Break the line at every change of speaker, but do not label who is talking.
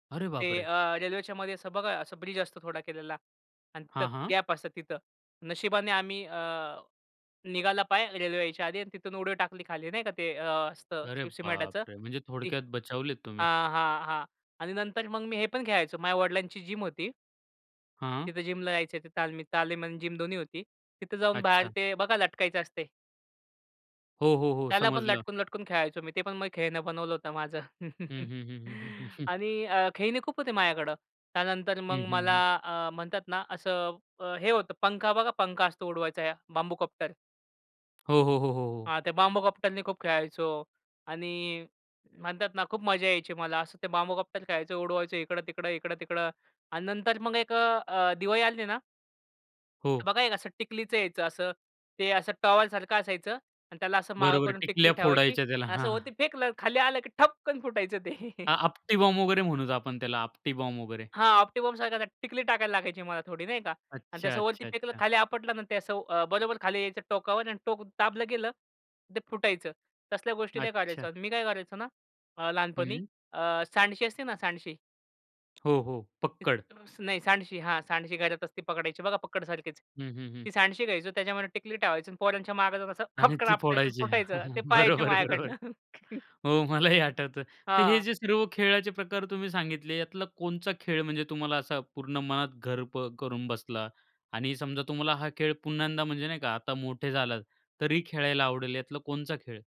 अरे,
ते
बापरे!
अ, रेल्वेच्यामध्ये असं बघा असं ब्रिज असतो थोडा केलेला आणि तिथं
हां, हां.
गॅप असतं तिथं. नशिबाने आम्ही अ, निघाला पाय रेल्वे यायच्या आधी आणि तिथून उडी टाकली खाली नाही का ते अ, असतं
अरे,
सिमेंटच
बापरे! म्हणजे
ती
थोडक्यात बचावलेत तुम्ही.
हां, हां, हां आणि नंतर मग मी हे पण खेळायचो माझ्या वडिलांची जिम होती.
हां.
तिथं जिमला जायचे ते तालमीत. तालीम आणि जिम दोन्ही होती. तिथं जाऊन बाहेर
अच्छा.
ते बघा लटकायचं असते.
हो, हो, हो.
त्याला पण
समजलं.
लटकून, लटकून खेळायचो मी. ते पण खेळणं बनवलं होतं माझं
हं, हं, हं, हं, हं.
आणि अ, खेळणी खूप होते माझ्याकडं. त्यानंतर
हं,
मग
हं,
मला
हं.
अ, म्हणतात ना, असं हे होतं, पंखा बघा पंखा असतो उडवायचा बांबूकॉप्टर.
हो, हो, हो, हो, हो.
हां, ते बांबूकॉप्टरनी खूप खेळायचो. आणि म्हणतात ना खूप मजा यायची मला असं ते बांबूकॉप्टर खेळायचो. उडवायचो इकडं-तिकडं, इकडं-तिकडं आणि नंतर मग एक अ, अ, दिवाळी आली ना
हो.
बघा एक असं टिकलीच यायचं असं, ते असं टॉवेलसारखं असायचं आणि त्याला असं मागं
बरोबर,
करून टिकली
टिकल्या
ठेवायची.
फोडायच्या त्याला.
असं
हां.
वरती फेकलं, खाली आलं की ठपकन फुटायचं ते.
हां. आपटी बॉम्ब वगैरे म्हणायचो आपण त्याला, आपटी बॉम्ब वगैरे.
हां, आपटी बॉम्बसारखं टिकली टाकायला लागायची मला थोडी नाही का? आणि
अच्छा,
त्या वरती
अच्छा,
फेकलं,
अच्छा.
खाली आपटलं आणि ते असं अ, बरोबर खाली यायचं टोकावर आणि टोक दाबलं गेलं, ते फुटायचं. तसल्या गोष्टी लई
अच्छा.
करायचो, अन मी काय करायचो ना अ, लहानपणी
हं.
अ, सांडशी असते ना सांडशी
हो, हो. पक्कड.
नाही, सांडशी. हां, सांडशी घरात असती पकडायची बघा पकडसारखीच.
हं, हं, हं.
ती सांडशी घ्यायचो, त्याच्यामध्ये टिकली ठेवायची आणि पोरांच्या मागे जाऊन असं
आणि
खपटकन
ती
आपटायचं आणि
फोडायची.
फुटायचं. ते पहायचे
बरोबर बरोबर.
माझ्याकडनं.
हो, मलाही आठवतं. तर हे
हां.
जे सर्व खेळाचे प्रकार तुम्ही सांगितले, यातला कोणचा खेळ म्हणजे तुम्हाला असा पूर्ण मनात घर ब करून बसला आणि समजा, तुम्हाला हा खेळ पुन्हा एकदा म्हणजे नाही का आता मोठे झालात, तरी खेळायला आवडेल, यातला कोणचा खेळ?